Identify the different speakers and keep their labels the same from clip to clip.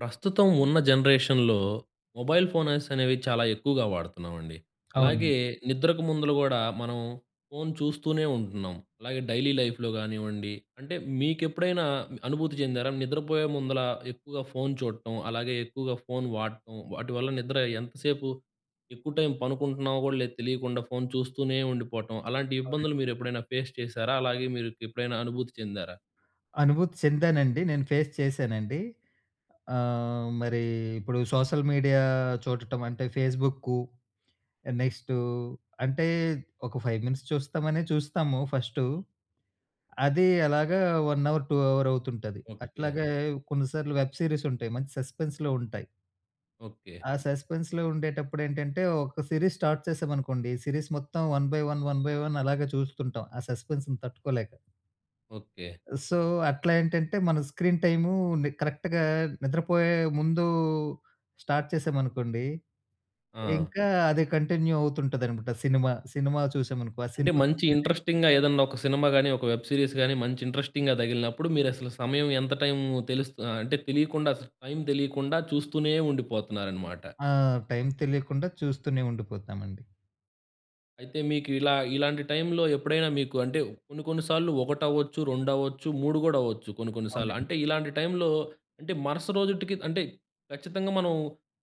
Speaker 1: ప్రస్తుతం ఉన్న జనరేషన్‍లో మొబైల్ ఫోన్స అనేవి చాలా ఎక్కువగా వాడుతున్నామండి. అలాగే
Speaker 2: అవునండి.
Speaker 1: నిద్రకు ముందుల గూడా మనం ఫోన్ చూస్తూనే ఉంటున్నాం. అలాగే డైలీ లైఫ్‌లో కానివ్వండి, అంటే మీకెప్పుడైనా అనుభూతి చెందారా? నిద్రపోయే ముందుల ఎక్కువగా ఫోన్ చూడటం, అలాగే ఎక్కువగా ఫోన్ వాడటం వాటి వల్ల నిద్ర ఎంతసేపు ఎక్కువ టైం పనుకుంటున్నామో కూడా తెలియకుండా ఫోన్ చూస్తూనే ఉండిపోవటం, అలాంటి
Speaker 2: అవునండి.
Speaker 1: ఇబ్బందులు మీరు ఎప్పుడైనా ఫేస్ చేశారా? అలాగే మీరు ఎప్పుడైనా అనుభూతి చెందారా?
Speaker 2: అనుభూతి చెందానండి. నేను ఫేస్ చేశానండి. ఆహ్, మరీ ఇప్పుడు సోషల్ మీడియా చూడటం అంటే ఫేస్బుక్కూ, నెక్స్టూ అంటే ఒక 5 మినిట్స్ చూస్తామనే చూస్తాము ఫస్టు. అదీ అలాగా వన్ అవర్, 2 అవర్ అవుతుంటది.
Speaker 1: ఓకె.
Speaker 2: అట్లాగే కొన్నిసార్లు వెబ్ సీరీస్ ఉంటాయి. మంచి సస్పెన్స్‌లో ఉంటాయి.
Speaker 1: ఓకె.
Speaker 2: ఆ సస్పెన్స్‌లో ఉండేటప్పుడు ఏంటంటే, ఒక సిరీస్ స్టార్ట్ చేసాం అనుకోండి. సిరీస్ మొత్తం one by one, one by one అలాగే చూస్తుంటాం. ఆ సపెన్స్‌ని తట్టుకోలేక.
Speaker 1: ఓకె.
Speaker 2: సో, అట్లా ఏంటంటే మన స్క్రీన్ టైమూని కరెక్ట్‌గా నిద్రపోయే ముందూ స్టార్ట్ చేశామనుకోండి.
Speaker 1: ఆ!
Speaker 2: ఇంకా అది కంటిన్యూ అవుతుంటది అనమాట సినిమా. సినిమా చూసామనుకో ఆ
Speaker 1: అంటే,
Speaker 2: సినిమా
Speaker 1: మంచి
Speaker 2: [unintelligible]
Speaker 1: ఇంట్రెస్టింగ్‌గా ఏదైనా ఒక సినిమా గానీ, ఒక వెబ్ సీరీస్ గానీ, మంచి ఇంట్రెస్టింగ్‌గా తగిలినప్పుడు మీరు అసలు సమయం ఎంత టైము తెలుస్త అంటే తెలియకుండా, అసలు టైమ్ తెలియకుండా చూస్తూనే ఉండిపోతున్నారన్నమాట.
Speaker 2: ఆ! టైమ్ తెలియకుండా చూస్తూనే ఉండిపోతామండి.
Speaker 1: అయితే మీకు ఇలా ఇలాంటి టైంలో ఎప్పుడైనా మీకు అంటే కొన్ని కొన్ని సార్లు ఒకటవ్వచ్చు, రెండవచ్చు, 3 కూడా అవ్వచ్చు కొన్ని కొన్ని సార్లు.
Speaker 2: అవునండి.
Speaker 1: అంటే ఇలాంటి టైంలో అంటే మరుస రోజిటికి అంటే ఖచ్చితంగా మనం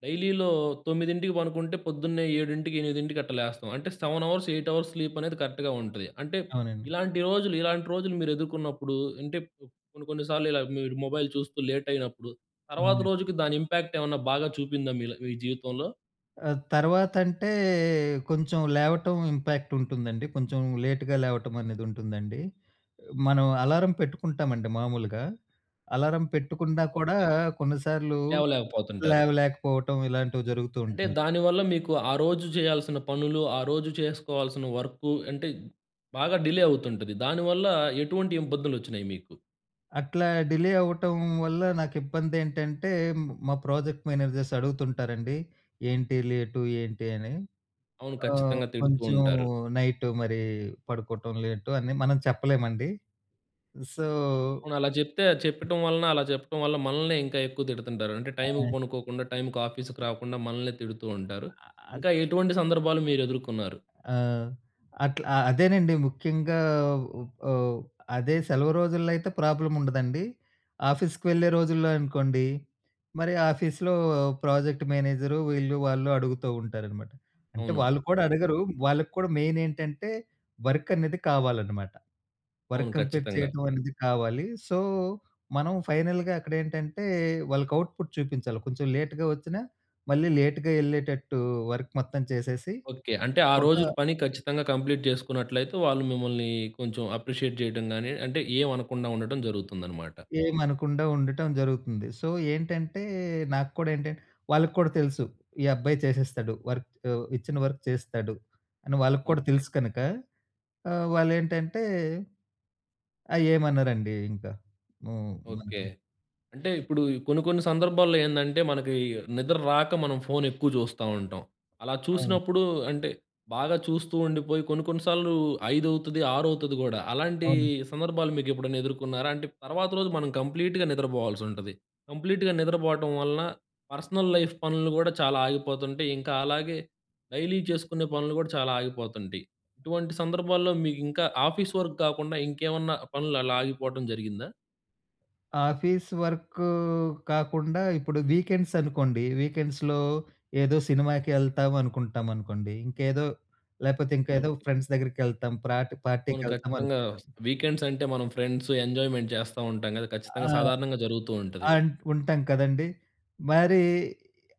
Speaker 1: డైలీలో 9:00కి పడుకుంటే పొద్దున్నే 7:00కి, 8:00కి అట్టా లేస్తాం. అంటే 7 అవర్స్, 8 అవర్స్ స్లీపనేది కరెక్ట్‌గా ఉంటది. అంటే
Speaker 2: అవునండి.
Speaker 1: ఇలాంటి రోజులు, ఇలాంటి రోజులు మీరెదుర్కున్నప్పుడు అంటే కొన్ని కొన్ని సార్లు ఇలా మీరు మొబైల్ చూస్తూ లేట్ అయినప్పుడు తర్వాత
Speaker 2: అవునండి.
Speaker 1: రోజుకి దాని ఇంపాక్ట్ ఏమన్నా బాగా చూపిందా మీలో మీ జీవితంలో?
Speaker 2: ఆహ్, తర్వాతంటే, కొంచెం లేవటం ఇంపాక్ట్ ఉంటుందండి కొంచెం లేట్‌గా లేవటం అనేది ఉంటుందండి. మనం అలారం పెట్టుకుంటామండి మామూలుగా అలారం పెట్టుకున్నా కూడా
Speaker 1: ఓకె.
Speaker 2: కొన్నిసార్లు,
Speaker 1: లేవలేకపోతుంటారు.
Speaker 2: లేవలేకపోవటం ఇలాంటివి జరుగుతూ
Speaker 1: అంటే
Speaker 2: ఉంటాయి.
Speaker 1: దాని వల్ల మీకు ఆ రోజు చేయాల్సిన పనులు ఆ రోజు చేసుకోవాల్సిన వర్కు అంటే బాగా డిలే అవుతుంటది. దానివల్ల ఎటువంటి ఇబ్బందులు వచ్చినయి మీకు?
Speaker 2: అట్లా డిలే అవ్వటం వల్ల నాకిబ్బందేంటంటే, మ్ మా ప్రాజెక్ట్ మేనేజర్స్ అడుగుతుంటారండి ఏంటి లేటు ఏంటి? అని.
Speaker 1: అవును
Speaker 2: ఆహ్,
Speaker 1: ఖచ్చితంగా తిడుతూ
Speaker 2: కొంచెం
Speaker 1: ఉంటారు.
Speaker 2: నైటు మరి పడుకోవటం లేటు అని మనం చెప్పలేమండి. సో
Speaker 1: అవును అలా చెప్తే, చెప్పటం వలన అలా చెప్పటం వల్ల మనల్నే ఇంకా ఎక్కువ తిడుతుంటారు. అంటే టైమ్‌‌కి
Speaker 2: ఆ!
Speaker 1: పనుకోకుండా టైమ్‌కి ఆఫీస్‌కి రాకుండా మనల్ని తిడుతూ ఉంటారు.
Speaker 2: అ అద్
Speaker 1: ఇంకా ఎటువంటి సందర్భాలు మీరెదుర్కున్నారు?
Speaker 2: ఆ! అట్ల అదేనండి ముఖ్యంగా ఉ ఓహ్, అదే సెలవు రోజుల్లో అయితే ప్రాబ్లమ్ ఉండదండి. ఆఫీస్‌కి వెళ్ళే రోజుల్లో అనుకోండి, మరి ఆఫీస్‌లో ప్రాజెక్ట్ మేనేజరు వీళ్ళు వాళ్ళు అడుగుతా ఉంటారనమాట. అంటే
Speaker 1: అవును.
Speaker 2: వాళ్ళు కూడా అడగరు వాళ్ళకి కూడా మెయిన్ ఏంటంటే వర్కనేది కావాలనమాట. వర్క్
Speaker 1: అవును,
Speaker 2: కంప్లీట్
Speaker 1: ఖచ్చితంగా.
Speaker 2: చేయటం అనేది కావాలి. సో, మనం ఫైనల్‌గా అక్కడేంటంటే వాళ్ళకి ఔట్‌పుట్ చూపించాలి. కొంచెం లేట్‌గా వచ్చినా మళ్ళీ లేట్‌గా ఎళ్ళేటట్టు వర్క్ మొత్తం చేసేసి,
Speaker 1: ఓకె. అంటే ఆ
Speaker 2: ఒక
Speaker 1: రోజుటి పని ఖచ్చితంగా కంప్లీట్ చేసుకున్నట్లయితే వాళ్ళు మిమ్మల్ని కొంచెం అప్రిషియేట్ చేయటం గాని, అంటే ఏమనకుండా ఉండటం జరుగుతుందనమాట.
Speaker 2: ఏమనకుండా ఉండటం జరుగుతుంది. సో ఏంటంటే నాకు కూడా ఏంటంటే వాళ్ళకి కూడా తెలుసు. ఈ అబ్బాయి చేసేస్తాడు. వర్కు ఇచ్చిన వర్క్ చేస్తాడు అని, వాళ్ళకి కూడా
Speaker 1: ఓకె.
Speaker 2: తెలుసు కనుక, ఆహ్, వాళ్ళేంటంటే అ! ఏమనరండి ఇంకా. హ్మ్.
Speaker 1: ఓకె.
Speaker 2: మనకి
Speaker 1: అంటే ఇప్పుడు కొన్ని కొన్ని సందర్భాల్లో ఏందంటే మనకి నిద్రరాక మనం ఫోన్ ఎక్కువ చూస్తా ఉంటాం. అలా
Speaker 2: ఆ!
Speaker 1: చూసినప్పుడు అంటే, బాగా చూస్తూ ఉండిపోయి కొన్ని కొన్ని సార్లు ఐదవుతది ఆరవుతుది గూడా. అలాంటి
Speaker 2: అవునండి.
Speaker 1: సందర్భాలు మీకు ఎప్పుడన్న ఎదుర్కొన్నారా? అంటే తర్వాత రోజు మనం కంప్లీట్‌గా నిద్రపోవాల్సి ఉంటది. కంప్లీట్‌గా నిద్రపోవటం వలన పర్సనల్ లైఫ్ పనులు కూడా చాలా ఆగిపోతుంటాయి. ఇంకా అలాగే డైలీ చేసుకునే పనులు కూడా చాలా ఆగిపోతుంటాయి. ఇటువంటి సందర్భాల్లో మీకు ఇంకా ఆఫీస్ వర్క్ కాకుండా ఇంకేమన్నా పనులు అలా ఆగిపోవటం జరిగిందా?
Speaker 2: ఆఫీస్ వర్క్ కాకుండా, ఇప్పుడు వీకెండ్సనుకోండి వీకెండ్స్‌లో, ఏదో సినిమాకి వెళ్తాం అనుకుంటామనుకోండి. ఇంకేదో లేకపోతే, ఇంకేదో
Speaker 1: ఓకె.
Speaker 2: ఫ్రెండ్స్ దగ్గరికి వెళ్తాం, ప్రాట్ పార్టీకి
Speaker 1: అవును.
Speaker 2: వెళ్తాం
Speaker 1: ఖచ్చితంగా
Speaker 2: అనుకుంటాం.
Speaker 1: వస్తాం. వీకెండ్స్ అంటే, మనం ఫ్రెండ్స్, ఎంజాయ్మెంట్, చేస్తా ఉంటాం కదా!
Speaker 2: ఆ!
Speaker 1: ఖచ్చితంగా సాధారణంగా జరుగుతూ ఉంటది.
Speaker 2: ఆన్ ఉంటాం కదండీ. మరి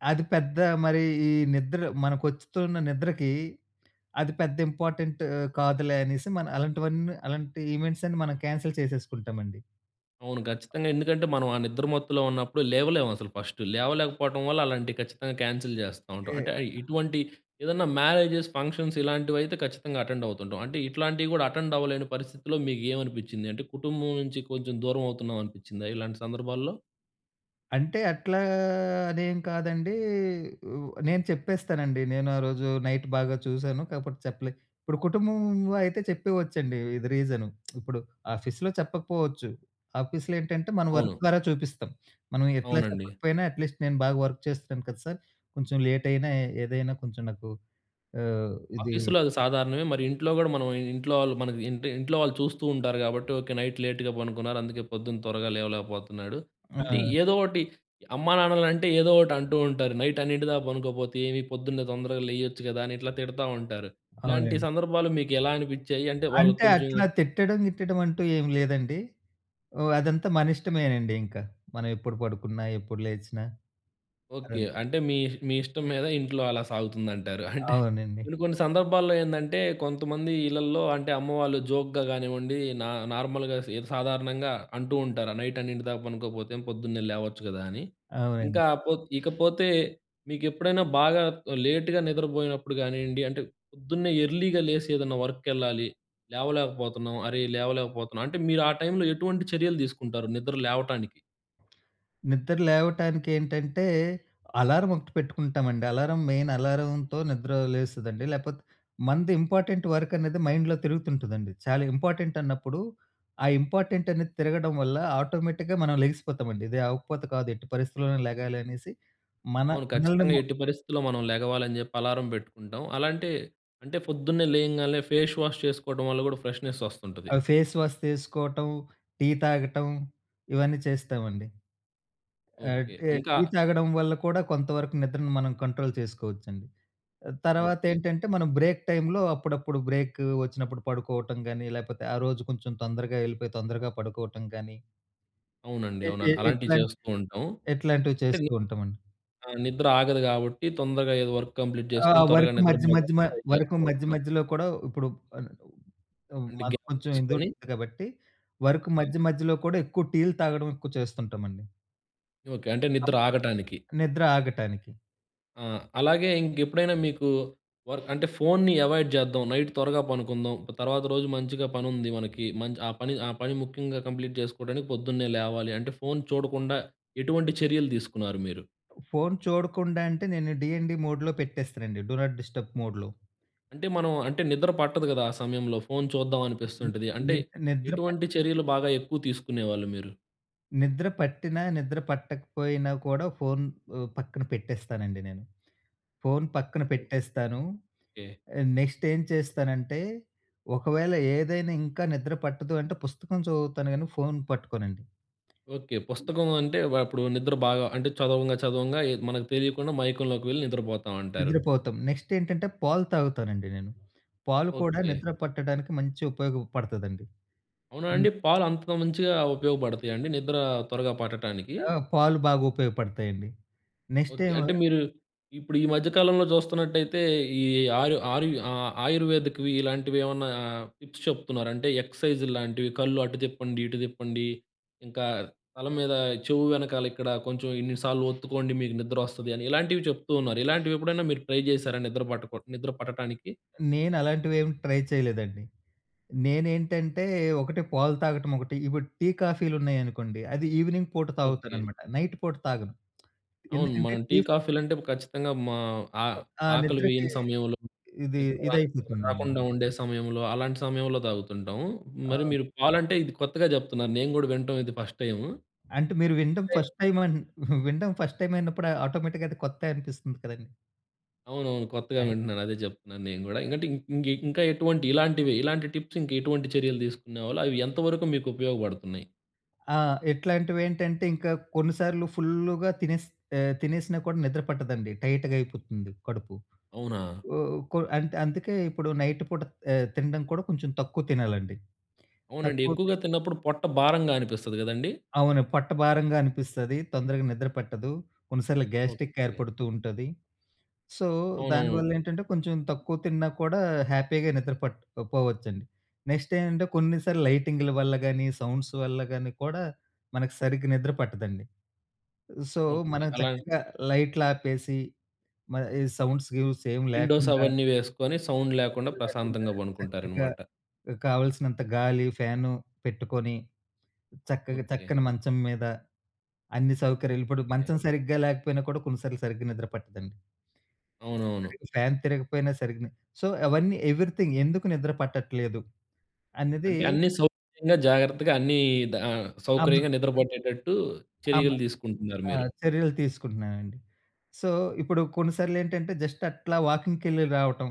Speaker 2: అది పెద్ద మరి ఈ నిద్ర మనకొస్తుతున్న నిద్రకి, అది పెద్ద ఇంపార్టెంట్ కాదులే అనేసి, మనం అలాంటివన్నీ అలాంటి ఈవెంట్సన్నీ మనం క్యాన్సిల్ చేసేసుకుంటామండి.
Speaker 1: అవును, ఖచ్చితంగా. ఎందుకంటే, మనం ఆ నిద్ర మత్తులో ఉన్నప్పుడు, లేవలేమసలు ఫస్ట్. లేవలేకపోవటం వల్ల, అలాంటివి ఖచ్చితంగా క్యాన్సిల్ చేస్తా ఉంటాం.
Speaker 2: ఏ
Speaker 1: అంటే, అ ఇటువంటి ఏదన్నా మ్యారేజెస్, ఫంక్షన్స్ ఇలాంటివైతే, ఖచ్చితంగా అటెండ్ అవుతుంటాం. అంటే, ఇట్లాంటివి కూడా, అటెండ్ అవ్వలేని పరిస్థితిలో మీకేమనిపిచ్చింది? అంటే, కుటుంబం నుంచి కొంచెం దూరమవుతున్నామనిపిచ్చిందా ఇలాంటి సందర్భాల్లో?
Speaker 2: అంటే అట్లా అనేం కాదండి. ఉ నేను చెప్పేస్తానండి నేనారోజు నైట్ బాగా చూసాను కాకపోతే చెప్పలే. ఇప్పుడు కుటుంబంలో అయితే చెప్పేయచ్చండి ఇది రీజను. ఇప్పుడు ఆఫీస్‌లో చెప్పకపోవచ్చు. ఆఫీస్‌లో ఏంటంటే మనం వర్క్
Speaker 1: అవును.
Speaker 2: ద్వారా చూపిస్తాం. మనం ఎట్లా
Speaker 1: అవునండి.
Speaker 2: చెప్పకపోయినా అట్లీస్ట్ నేను బాగా వర్క్ చేస్తున్నాను కదా! సార్ కొంచెం లేట్ అయినా ఏదైనా కొంచెం నాకు ఆహ్, ఇది
Speaker 1: ఆఫీస్‌లో అది సాధారణమే. మరి ఇంట్లో కూడా, మనం ఇంట్లో వాళ్ళు, మన ఇంటి ఇంట్లో వాళ్ళు చూస్తూ ఉంటారు, కాబట్టి. ఓకె. నైట్ లేట్‌గా పడుకున్నారు, అందుకే, పొద్దున త్వరగా లేవలేకపోతున్నాడు. అంటే,
Speaker 2: ఆ!
Speaker 1: ఏదో ఒకటి, అమ్మానాన్నలంటే ఏదో ఒకటి అంటూ ఉంటారు. "నైట్ అన్నింటిదాకా పనుకోకపోతే ఏమి? పొద్దున్నే తొందరగా లేయొచ్చు కదా!" అని ఇట్లా తిడతా ఉంటారు. ఇలాంటి
Speaker 2: అవునండి.
Speaker 1: సందర్భాలు మీకు ఎలా అనిపిచ్చాయి? అంటే వాళ్ళకి
Speaker 2: అంటే,
Speaker 1: కొంచెం
Speaker 2: అట్లా తిట్టడం, గిట్టడం అంటూ ఏమి లేదండి. ఓహ్! అదంతా మన ఇష్టమేనండింకా. మనం ఎప్పుడు పడుకున్నా, ఎప్పుడు లేచినా,
Speaker 1: ఓకె.
Speaker 2: అదంతా.
Speaker 1: అంటే, మీ మీ ఇష్టం మీద ఇంట్లో, అలా సాగుతుందంటారు. అంటే,
Speaker 2: అవునండి.
Speaker 1: కొన్ని, కొన్ని సందర్భాల్లో ఏందంటే, కొంతమంది ఇళ్లల్లో అంటే, అమ్మవాళ్ళు జోక్‌గా గానివ్వండి, నా నార్మల్‍గా సిద సాధారణంగా అంటూ ఉంటారు. "నైట్ అన్నింటి దాకా పనుకోకపోతే, పొద్దున్నే లేవచ్చు కదా!" అని.
Speaker 2: అవునండి.
Speaker 1: ఇంకా పో ఇకపోతే మీకు ఎప్పుడైనా, బాగా లేట్‌గా నిద్రపోయినప్పుడు కానియ్యండి, అంటే, పొద్దున్నే ఎర్లీగా లేసి, ఏదన్నా వర్క్‌ కెళ్ళాలి, లేవలేకపోతున్నాం అరే, లేవలేకపోతున్నాం. అంటే, మీరు ఆ టైంలో ఎటువంటి చర్యలు తీసుకుంటారు నిద్ర లేవటానికి?
Speaker 2: నిద్ర లేవటానికి ఏంటంటే, అలారం ఒకటి పెట్టుకుంటామండి. అలారం మెయిన్ అలారంతో నిద్ర లేస్తదండి. లేకపోతే మనది ఇంపార్టెంట్ వర్క్ అనేది మైండ్‌లో తిరుగుతుంటదండి, చాలా ఇంపార్టెంట్ అన్నప్పుడు ఆ ఇంపార్టెంట్ అనేది తిరగడం వల్ల ఆటోమేటిక్‌గా మనం లెగిసిపోతామండి. "ఇది అవ్వకపోతే కాదు ఎట్టి పరిస్థితిలోనే లెగాలి" అనేసి, మన
Speaker 1: అవును. ఖచ్చితంగా
Speaker 2: మనల్నిమా
Speaker 1: ఎట్టి పరిస్థితుల్లో మనం లెగవాలని చెప్పి, అలారం పెట్టుకుంటాం. అలాంటి అంటే ఫోద్దున్నే లేయంగానే, ఫేష్ వాష్ చేసుకోవడం వల్ల కూడా ఫ్రెష్నెస్
Speaker 2: ఆ!
Speaker 1: వస్తుంటది.
Speaker 2: ఫేస్ వాస్ చేసుకోవటం, టీ తాగటం, ఇవన్నీ చేస్తామండి. ఆ!
Speaker 1: ఓకె.
Speaker 2: టి,
Speaker 1: ఇంకా
Speaker 2: టీ తాగడం వల్ల కూడా కొంత వరకు నిద్రను మనం కంట్రోల్ చేసుకోవచ్చండి. ఆ! తర్వాత
Speaker 1: ఓకె.
Speaker 2: ఏంటంటే మనం బ్రేక్ టైంలో అప్పుడప్పుడు బ్రేకు వచ్చినప్పుడు పడుకోవటం గాని, లేకపోతే ఆ రోజు కొంచెం తొందరగా ఎళ్ళిపోయి, తొందరగా పడుకోవటం గాని.
Speaker 1: అవునండి,
Speaker 2: ఎ ఎ
Speaker 1: అవునండి. అలాంటివి
Speaker 2: ఎట్లాం
Speaker 1: చేస్తూ ఉంటాం.
Speaker 2: ఎట్లాంటివి
Speaker 1: అంటే
Speaker 2: చేస్తూ ఉంటామండి.
Speaker 1: ఆ! నిద్ర ఆగదు కాబట్టి తొందరగా ఏదో వర్క్ కంప్లీట్
Speaker 2: ఆ!
Speaker 1: చేసుకొని, త్వరగా
Speaker 2: వర్కు మధ్య మధ్యమా
Speaker 1: నిద్రపోదామని ట్రై
Speaker 2: వర్కు
Speaker 1: చేస్తూ
Speaker 2: మధ్య
Speaker 1: ఉంటాం.
Speaker 2: మధ్యలో కూడా ఇప్పుడు అన్ హ్మ్,
Speaker 1: అంటే
Speaker 2: మనకు
Speaker 1: గ్యాప్
Speaker 2: కొంచెం ఇందుల్
Speaker 1: తీసుకొని
Speaker 2: ఉంటుంది కాబట్టి, వర్క్
Speaker 1: ఆ!
Speaker 2: మధ్య మధ్యలో కూడా ఎక్కువ టీలు తాగడం ఎక్కువ చేస్తుంటామండి.
Speaker 1: ఓకె. అంటే నిద్ర
Speaker 2: అవును.
Speaker 1: ఆగటానికి.
Speaker 2: నిద్ర ఆగటానికి.
Speaker 1: ఆ! అలాగే ఇంకెప్పుడైనా మీకు, వర్క్ అంటే ఫోన్‌ని అవాయిడ్ చేద్దాం, నైట్ త్వరగా పడుకుందాం, ప్ తర్వాత రోజు మంచిగా పని ఉంది మనకి, మంచి ఆ పని ఆ పని ముఖ్యంగా కంప్లీట్ చేసుకోవడానికి, పొద్దున్నే లేవాలి. అంటే, ఫోన్ చూడకుండా ఎటువంటి చర్యలు తీసుకున్నారు మీరు?
Speaker 2: ఫోన్ చూడకుండా అంటే, నేను డీఎన్‌డీ మోడ్‌లో పెట్టేస్తానండి. డూ నాట్ డిస్టర్బ్ మోడ్‌లో.
Speaker 1: అంటే, మనం అంటే నిద్ర పట్టదు కదా! ఆ సమయంలో, ఫోన్ చూద్దాం
Speaker 2: ని
Speaker 1: అనిపిస్తుంటుంది. అంటే,
Speaker 2: నిద్ నిద్ర పట్
Speaker 1: ఎటువంటి చర్యలు బాగా ఎక్కువ తీసుకునేవాళ్ళు మీరు?
Speaker 2: నిద్ర పట్టినా, నిద్ర పట్టకపోయినా కూడా, ఫోన్ ఉ పక్కన పెట్టేస్తానండి నేను. ఫోన్ పక్కన పెట్టేస్తాను.
Speaker 1: ఓకె.
Speaker 2: ఆహ్, నెక్స్ట్ ఏం చేస్తానంటే, ఒకవేళ ఏదైనా ఇంకా నిద్ర పట్టదు అంటే, పుస్తకం చదువుతాను, కాని ఫోన్ పట్టుకోనండి.
Speaker 1: ఓకె. పుస్తకం అంటే, వ అప్పుడు నిద్ర బాగా అంటే, చదవంగా, చదవంగా ఏద్ మనకు తెలియకుండా మైకంలోకి వెళ్ళి, నిద్రపోతాం అంటారు.
Speaker 2: నిద్రపోతాం. నెక్స్టేంటంటే, పాలు తాగుతానండి నేను. పాలు కూడా
Speaker 1: ఓకె.
Speaker 2: నిద్ర పట్టడానికి, మంచి ఉపయోగపడతదండి.
Speaker 1: అవునా
Speaker 2: హ్మ్.
Speaker 1: అండి? పాలు అంత మంచిగా ఉపయోగపడతాయండి, నిద్ర త్వరగా పట్టటానికి?
Speaker 2: ఆ! పాలు బాగా ఉపయోగపడతాయండి.
Speaker 1: ఓకే.
Speaker 2: నెక్స్టేమో
Speaker 1: అంటే, మీరు ఇప్పుడు ఈ మధ్య కాలంలో చూస్తున్నట్టయితే, ఈ ఆరు ఆరు ఆహ్, ఆయుర్వేదిక్‌వి ఇలాంటివి ఏమన్నా టిప్స్ చెప్తున్నారు. అంటే, ఎక్ససైజ్‌లాంటివి. కళ్ళు అటు తిప్పండి, ఇటు తిప్పండి. ఇంకా తలం మీద చెవు వెనకాల ఇక్కడ కొంచెం ఇన్ని సార్లు ఒత్తుకోండి, మీకు నిద్రొస్తది అని. ఇలాంటివి, చెప్తూ ఉన్నారు. ఇలాంటివి ఎప్పుడైనా, మీరు ట్రై చేశారా? నిద్ర పట్టకు నిద్ర పట్టటానికి?
Speaker 2: నేనలాంటివేమి ట్రై చేయలేదండి. నేనేంటంటే, ఒకటి పాలు తాగటం ఒకటి. ఇప్పుడు టీ, కాఫీలున్నాయనుకోండి, అది ఈవెనింగ్ పూట
Speaker 1: ఓకె.
Speaker 2: తాగుతానన్నమాట. నైట్ పూట తాగను.
Speaker 1: అవును.
Speaker 2: ఎందుకంటే,
Speaker 1: మనం టీ,
Speaker 2: టీ ఫ్
Speaker 1: కాఫీలు అంటే ఖచ్చితంగా మా ఆ
Speaker 2: ఆ!
Speaker 1: ఆకలి
Speaker 2: నిద్రకి
Speaker 1: వేయని సమయంలో,
Speaker 2: ఇది
Speaker 1: నిద్ర ర
Speaker 2: ఇదైపోతుందండి.
Speaker 1: రాకుండా ఉండే సమయంలో, అలాంటి సమయంలో తాగుతుంటాం.
Speaker 2: ఆ!
Speaker 1: మరి మీరు పాలంటే, ఇది కొత్తగా చెప్తున్నారు. నేను కూడా వినటం ఇది ఫస్ట్ టైము.
Speaker 2: అంటే, మీరు వినడం, ఫస్ట్ టైమ్ అన్ వినడం ఫస్ట్ టైమ్ అయినప్పుడు ఆటోమేటిక్‌గా అది కొత్తే అనిపిస్తది కదండీ!
Speaker 1: అవునవును. కొత్తగా
Speaker 2: ఆ!
Speaker 1: వింటున్నాను అదే చెప్తున్నాను నేను గూడా. ఎందుకంటే, ఇం ఇంకా ఎటువంటి ఇలాంటివి ఇలాంటి టిప్స్ ఇంకా ఎటువంటి చర్యలు తీసుకునేవాళ్ళు? అవి ఎంత వరకు మీకు ఉపయోగపడుతున్నాయి?
Speaker 2: ఆ! ఇట్లాంటివి ఏంటంటే, ఇంకా కొన్ని సార్లు ఫుల్‌గా తినేస్ ఎ తినేసినా కూడా నిద్ర పట్టదండి. టైట్‌గా అయిపోతుంది కడుపు.
Speaker 1: అవునా?
Speaker 2: ఓహ్, అందుకే ఇప్పుడు నైట్ పూట తినడం కూడా ఎ కొంచెం తక్కువ తినాలండి.
Speaker 1: అవునండి.
Speaker 2: తక్కువ
Speaker 1: ఎక్కువగా
Speaker 2: తిం
Speaker 1: తిన్నప్పుడు పొట్ట భారంగా అనిపిస్తది కదండీ?
Speaker 2: అవును. పొట్టభారంగా అనిపిస్తది. తొందరగా నిద్ర పట్టదు. కొన్నిసార్లు గ్యాస్ట్రిక్
Speaker 1: ఓకే.
Speaker 2: ఏర్పడుతూ ఉంటది. సో, దానివల్ల
Speaker 1: అవునవును.
Speaker 2: ఏంటంటే, కొంచెం తక్కువ తిన్నా కూడా హ్యాపీగా నిద్ర పట్టకపోవచ్చండి. నెక్స్ట్ ఏంటంటే, కొన్నిసార్లు లైటింగ్‌ల వల్ల గాని, సౌండ్స్ వల్ల గాని కూడా మనకు సరిగ్గా నిద్ర పట్టదండి. So,
Speaker 1: okay.
Speaker 2: మనం
Speaker 1: అలా
Speaker 2: చక్కగా లైట్లు ఆపేసి, మ ఈ సౌండ్స్, గీస్ ఏమి
Speaker 1: విండోస్
Speaker 2: లేకుండా...
Speaker 1: అవన్నీ వేసుకొని, సౌండ్ లేకుండా
Speaker 2: ఏమి లేకుండా
Speaker 1: ప్రశాంతంగా
Speaker 2: చక్కగా
Speaker 1: బనుక్కుంటారన్నమాట.
Speaker 2: కావలసినంత గాలి, ఫ్యాను పెట్టుకొని చక్కగా
Speaker 1: ఓకే.
Speaker 2: తక్కని మంచం మీద అన్ని సౌకర్యాలు ఇప్పుడు
Speaker 1: ఓకే.
Speaker 2: మంచం సరిగ్గా లేకపోయినా కూడా కొన్నిసార్లు సరిగ్గా నిద్ర పట్టదండి.
Speaker 1: అవునవును.
Speaker 2: సరిగా ఫ్యాన్ తిరగకపోయినా సరిగ్గా సో, అవన్నీ ఎవరీథింగ్ ఎందుకు నిద్ర పట్టట్లేదు? అనేది
Speaker 1: అంటే, అన్ని సౌకర్యంగా, జాగ్రత్తగా అన్ని ఆ!
Speaker 2: అవును.
Speaker 1: సౌకర్యంగా నిద్ర పట్టేటట్టు
Speaker 2: అమ
Speaker 1: చర్యలు తీసుకుంటున్నారు
Speaker 2: ఆ!
Speaker 1: మీరు.
Speaker 2: చర్యలు తీసుకుంటున్నానండి. సో, ఇప్పుడు కొన్ని సార్లు ఏంటంటే, జస్ట్ అట్లా వాకింగ్‌కెళ్ళి రావటం.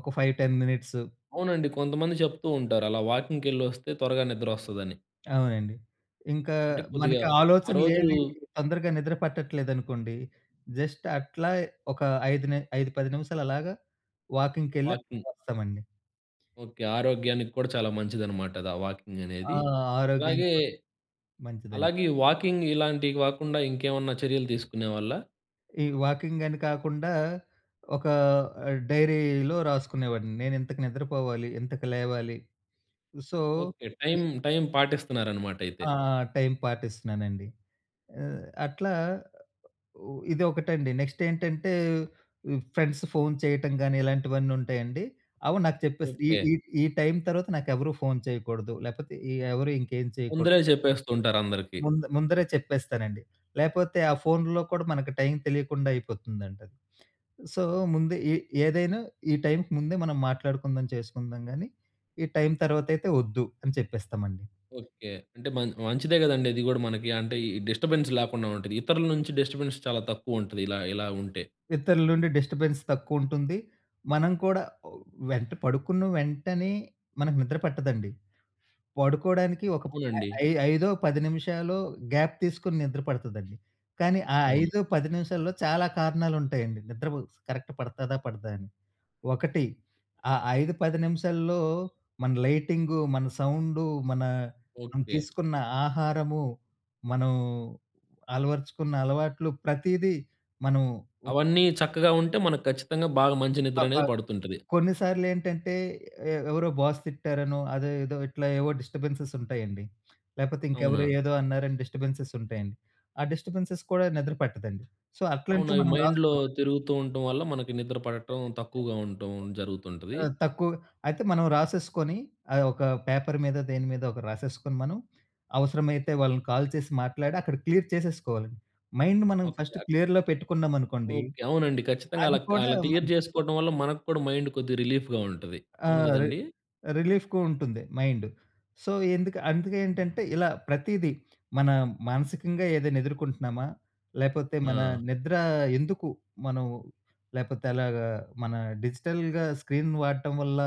Speaker 2: ఒక 5, 10 మినిట్స్.
Speaker 1: అవునండి కొంతమంది చెప్తూ ఉంటారు. అలా వాకింగ్‌కెలొస్తే త్వరగా నిద్ర వస్తదని.
Speaker 2: అవునండి. ఇంకా
Speaker 1: అంటే కొద్దిగా,
Speaker 2: మనకి
Speaker 1: ఆ
Speaker 2: ఆలోచనలు
Speaker 1: రోజు
Speaker 2: ఏవి తొందరగా నిద్ర పట్టట్లేదనుకోండి. జస్ట్ అట్లా ఒక ఐదు నే 5, 10 నిమిషాలు అలాగా వాకింగ్‌కెళ్ళి
Speaker 1: వాకింగ్.
Speaker 2: వస్తామండి.
Speaker 1: ఓకే. ఆరోగ్యానికి కూడా చాలా మంచిదన్నమాట అది ఆ వాకింగ్
Speaker 2: ఆ!
Speaker 1: అనేది.
Speaker 2: ఆరోగ్యం
Speaker 1: అలాగే,
Speaker 2: కూడా మంచిదండి.
Speaker 1: అలాగే ఈ వాకింగ్ ఇలాంటివి కాకుండా ఇంకేమన్నా చర్యలు తీసుకునేవాళ్ళా?
Speaker 2: ఈ వాకింగని కాకుండా ఒక ఆ! డైరీలో రాసుకునేవాడిని నేనింతకు నిద్రపోవాలి. ఇంతకు లేవాలి. సో.
Speaker 1: ఓకె. టైం, టైం పాటిస్తున్నారన్నమాటైతే.
Speaker 2: ఆ! టైమ్ పాటిస్తున్నానండి. అ అట్లా ఉ ఇదొకటండి. నెక్స్ట్ ఏంటంటే ఉ ఫ్రెండ్స్ ఫోన్ చేయటం గాని ఇలాంటివన్నీ ఉంటాయండి. అవి నాకు చెప్పేసి ఈ,
Speaker 1: ఓకె.
Speaker 2: ఈ, ఈ టైమ్ తర్వాత నాకెవరు ఫోన్ చేయకూడదు. లేకపోతే ఎవరు ఇంకేం చేయకూడదు.
Speaker 1: ముందరే చెప్పేస్తుంటారందరికి.
Speaker 2: ముందు ముందరే చెప్పేస్తానండి. లేకపోతే ఆ ఫోన్‌లో కూడా మనకు టైమ్ తెలియకుండా అయిపోతుందండి. సో, ముందే ఎ ఏదైనా ఈ టైమ్‌కి ముందే మనం మాట్లాడుకుందాం, చేసుకుందాం కానీ ఈ టైమ్ తర్వాతైతే వద్దు. అని చెప్పేస్తామండి.
Speaker 1: ఓకె. అంటే మ మంచిదే కదండీ. అది కూడా మనకి అంటే ఈ డిస్టర్బెన్స్ లేకుండా ఉంటది. ఇతరుల నుంచి డిస్టర్బెన్స్ చాలా తక్కువుంటది ఇలా, ఇలా ఉంటే.
Speaker 2: ఇతరుల నుండి డిస్టర్బెన్స్ తక్కువుంటుంది. మనం కూడా వెంట పడుకున్న వెంటనే మనకు నిద్ర పట్టదండి. పడుకోవడానికి ఒక
Speaker 1: అవునండి.
Speaker 2: ఐ 5 10 నిమిషాలో గ్యాప్ తీసుకొని నిద్ర పడుతదండి. కానీ ఆ
Speaker 1: అవును.
Speaker 2: 5 10 నిమిషాల్లో చాలా కారణాలుంటాయండి. నిద్ర కరెక్ట్ పడతాదా? పడదా అని. ఒకటి ఆ 5 10 నిమిషాల్లో మన లైటింగు, మన సౌండు, మన మనం
Speaker 1: ఓకె.
Speaker 2: తీసుకున్న ఆహారము, మనం అలవరచుకున్న అలవాట్లు ప్రతీదీ, మనం ఉ
Speaker 1: అవన్నీ చక్కగా ఉంటే మనకు ఖచ్చితంగా బాగా మంచి
Speaker 2: అప
Speaker 1: నిద్రనేది పడుతుంటది.
Speaker 2: కొన్ని సార్లేంటంటే ఎ ఎవరో బాస్ తిట్టారనో, అదేదో ఇట్లా ఏవో డిస్టబెన్సెస్ ఉంటాయండి. లేపోతే ఇంకెవరో
Speaker 1: అవునా?
Speaker 2: ఏదో అన్నారని డిస్టబెన్సెస్ ఉంటాయండి. ఆ డిస్టబెన్సెస్ కూడా నిద్ర పట్టదండి. సో,
Speaker 1: అవును.
Speaker 2: అట్లాంటివి
Speaker 1: అవి
Speaker 2: మనం
Speaker 1: మైండ్‌లో
Speaker 2: రాసుకోవాలి.
Speaker 1: తిరుగుతూ ఉండటం వల్ల మనకి నిద్ర పడటం తక్కువగా ఉండటం జరుగుతుంటది.
Speaker 2: ఆ! తక్కు అయితే మనం రాసేసుకొని అ ఒక పేపర్ మీద దేని మీదో ఒకటి రాసేసుకొని మనం, అవసరమైతే వాళ్ళని కాల్ చేసి మాట్లాడి, అక్కడ క్లియర్ చేసేసుకోవాలండి. మైండ్ మనం ఫస్ట్
Speaker 1: ఓకె.
Speaker 2: క్లియర్‌లో పెట్టుకున్నామనుకోండి,
Speaker 1: ఓకె. అవునండి. ఖచ్చితంగా
Speaker 2: అది
Speaker 1: అలా,
Speaker 2: కూడా
Speaker 1: అలా
Speaker 2: మన
Speaker 1: క్లియర్ చేసుకోవడం వల్ల మనక్కూడా మైండ్ కొద్దిగా రిలీఫ్‌గా ఉంటది.
Speaker 2: ఆ!
Speaker 1: అవును
Speaker 2: రి
Speaker 1: కదండీ.
Speaker 2: రిలీఫ్‍కు ఉంటుంది మైండు. సో, ఎందుకు అందుకే ఏంటంటే ఇలా ప్రతీదీ మన మానసికంగా ఏదైనా ఎదుర్కొంటున్నామా? లేకపోతే మన
Speaker 1: ఆ!
Speaker 2: నిద్ర ఎందుకు మనం లేపోతే అలాగా మన డిజిటల్‌గా స్క్రీన్ వాడటం వల్ల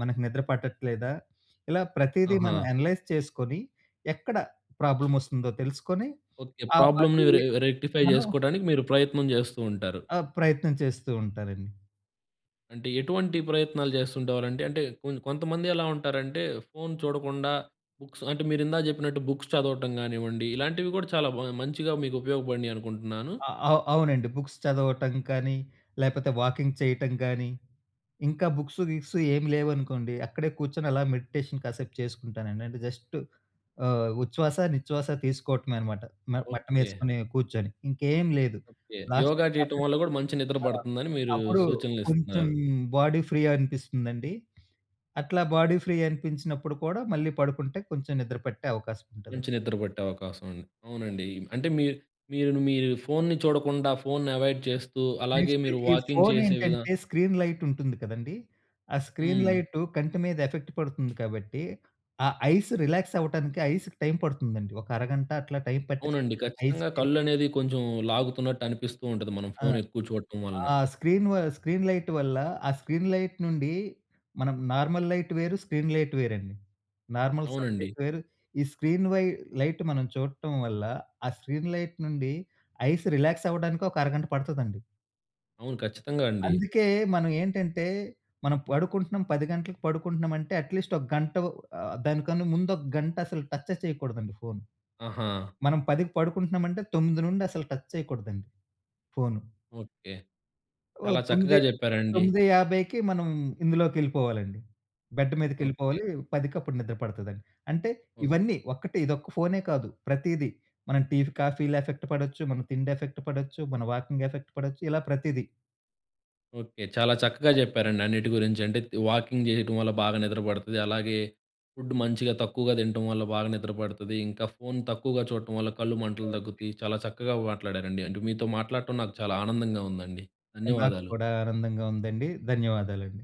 Speaker 2: మనకు నిద్ర పట్టట్లేదా? ఇలా ప్రతీదీ మనం
Speaker 1: అహా!
Speaker 2: అనలైజ్ చేసుకొని, ఎక్కడ ప్రాబ్లమ్ వస్తుందో తెలుసుకొని,
Speaker 1: ఓకె.
Speaker 2: ఆ
Speaker 1: ప్రాబ్లంని
Speaker 2: అది
Speaker 1: రె రెక్టిఫై
Speaker 2: మనం
Speaker 1: చేసుకోవడానికి మీరు ప్రయత్నం చేస్తూ ఉంటారు.
Speaker 2: ఆ ప్రయత్నం చేస్తూ ఉంటారండి.
Speaker 1: అంటే, ఎటువంటి ప్రయత్నాలు చేస్తుండేవారండి? అంటే, కొన్ కొంతమంది ఎలా ఉంటారంటే, ఫోన్ చూడకుండా, బుక్స్ అంటే, మీరిందాక చెప్పినట్టు బుక్స్ చదవటం గానివ్వండి, ఇలాంటివి గూడా చాలా బా మంచిగా మీకు ఉపయోగపడినియి అనుకుంటన్నాను.
Speaker 2: ఆ! అవు అవునండి. బుక్స్ చదవటం కానీ, లేపోతే వాకింగ్ చెయటం కానీ, ఇంకా బుక్స్, గిక్స్ ఏం లేవనుకోండి, అక్కడే కూచ్చొని అలా మెడిటేషన్ కాసేపు చేసుకుంటానండి. అంటే, జస్ట్ ఆహ్, ఉచ్ఛ్వాస, నిచ్ఛ్వాస తీసుకోవటమే అనమాట, మ
Speaker 1: ఓకే.
Speaker 2: మటమేసుకొని కూచ్చొని, ఇంకేం లేదు
Speaker 1: ఓకే.
Speaker 2: లాస్ట్‌కి
Speaker 1: యోగా జెయటం వల్ల
Speaker 2: [unintelligible]
Speaker 1: గూడా మంచి నిద్ర
Speaker 2: ఆ!
Speaker 1: పడతందని మీరూ
Speaker 2: అప్పుడు కొంచెం
Speaker 1: సూచనలిస్తన్నారు.
Speaker 2: బాడీ ఫ్రీ అనిపిస్తుందండి. అట్లా బాడీ ఫ్రీ అనిపించినప్పుడు కూడా మళ్ళీ పడుకుంటే కొంచెం నిద్రపట్టే అవకాశముంటదండి.
Speaker 1: మంచి నిద్ర పట్టే అవకాశముంది. అవునండి. అంటే, మీర్ మీరు ను మీరు ఫోన్‌ని చూడకుండా ఫోన్‌ని ఎవాయిడ్ చేస్తూ, అలాగే
Speaker 2: నెక్స్ట్
Speaker 1: మీరు
Speaker 2: ఈ
Speaker 1: వాకింగ్ చేసే విధా
Speaker 2: ఫోనేంటంటే, స్క్రీన్ లైటుంటుంది కదండీ. ఆ స్క్రీన్
Speaker 1: హ్మ్.
Speaker 2: లైటు కంటి మీద ఎఫెక్ట్ పడుతుంది కాబట్టి, ఆ ఐస్ రిలాక్సవ్వటానికి ఐస్‌కి టైమ్ పడుతుందండి, ఒక అరగంట అట్లా టైమ్ పట్టేస్తుంది
Speaker 1: అవునండి. ఖచ్చితంగా
Speaker 2: ఐస్‌కి.
Speaker 1: కళ్ళనేది కొంచుం లాగుతున్నట్టు అనిపిస్తూ ఉంటది, మనం
Speaker 2: ఆ!
Speaker 1: ఫోను ఎక్కువు చూడటం వలన.
Speaker 2: ఆ స్క్రీన్ వ స్క్రీన్ లైట్ వల్ల, ఆ స్క్రీన్ లైట్ నుండి మనం నార్మల్ లైట్ వేరు, స్క్రీన్ లైట్ వేరండి. నార్మల్
Speaker 1: అవునండి.
Speaker 2: సబ్జెక్ట్ వేరు, ఈ స్క్రీన్ వై లైట్ మనం చూడటం వల్ల, ఆ స్క్రీన్ లైట్ నుండి ఐస్ రిలాక్సవ్వటానికి ఒక అరగంట పడతదండి.
Speaker 1: అవును. ఖచ్చితంగా అండి.
Speaker 2: అందుకే మనం ఏంటంటే, మనం పడుకుంటున్నాం, 10 గంటలకి పడుకుంటన్నామంటే, అట్లీస్ట్ ఒక గంటో, ఆహ్, దానికన్నా ముందొక గంట అసలు టచ్చే చెయకూడదండి ఫోన్.
Speaker 1: ఆహా!
Speaker 2: మనం 10కి పడుకుంటన్నామంటే, 9 నుండి అసలు టచ్ చెయకూడదండి ఫోను.
Speaker 1: ఓకే.
Speaker 2: ఓ
Speaker 1: చాలా
Speaker 2: తొమ్మిది
Speaker 1: చక్కగా చెప్పారండి.
Speaker 2: తొమ్మిది యాభైకి మనం ఇందులోకెళ్ళిపోవాలండి. Bed
Speaker 1: okay.
Speaker 2: మీదకెళ్ళిపోవాలి, పదికప్పుడు నిద్ర పడతదండి. అంటే,
Speaker 1: ఓహ్!
Speaker 2: ఇవన్నీ, ఒక్కటి ఇదొక్క ఫోనే కాదు, ప్రతీది మనం టీఫి కాఫీ‌ల ఎఫెక్ట్ పడచ్చు, మన తిండేఫెక్ట్ పడచ్చు, మన వాకింగెఫెక్ట్ పడచ్చు, ఇలా ప్రతిది.
Speaker 1: ఓకే. చాలా చక్కగా చెప్పారండి అన్నిటి గురించి. అంటే, త్ వాకింగ్ చెయటం వల్ల బాగా నిద్రపడతది. అలాగే, ఫుడ్డ్ మంచిగా, తక్కువగా తినటం వల్ల బాగా నిద్రపడతది, ఇంకా ఫోన్ తక్కువగా చూడటం వల్ల కళ్ళు మంటలు తగ్గుతుయి, చాలా చక్కగా మాట్లాడారండి. అంటే, మీతో మాట్లాడటం నాకు చాలా ఆనందంగా ఉందండి.
Speaker 2: నాకు
Speaker 1: ధన్యవాదాలు.
Speaker 2: కూడా ఆనందంగా ఉందండి. ధన్యవాదాలండి.